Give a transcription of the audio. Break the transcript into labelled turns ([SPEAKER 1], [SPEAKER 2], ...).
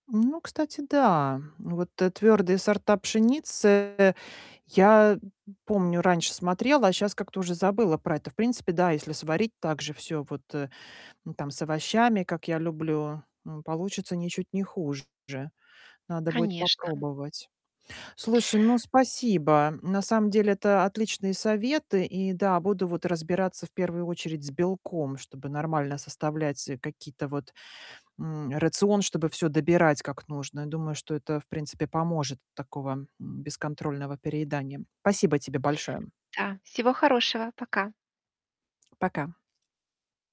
[SPEAKER 1] Ну, кстати, да. Вот, твердые сорта пшеницы я помню, раньше смотрела, а щас как-то уже забыла про это. В принципе, да, если сварить так же всё вот, э, там, с овощами, как я люблю, м, получится ничуть не хуже. Надо будет
[SPEAKER 2] Конечно.
[SPEAKER 1] попробовать. Слушай, ну спасибо. На самом деле, это отличные советы. И да, буду вот разбираться в первую очередь с белком, чтобы нормально составлять, э, какие-то вот М, рацион, чтобы всё добирать как нужно. Я думаю, что это, в принципе, поможет от такого бесконтрольного переедания. Спасибо тебе большое.
[SPEAKER 2] Да. Всего хорошего. Пока.
[SPEAKER 1] Пока.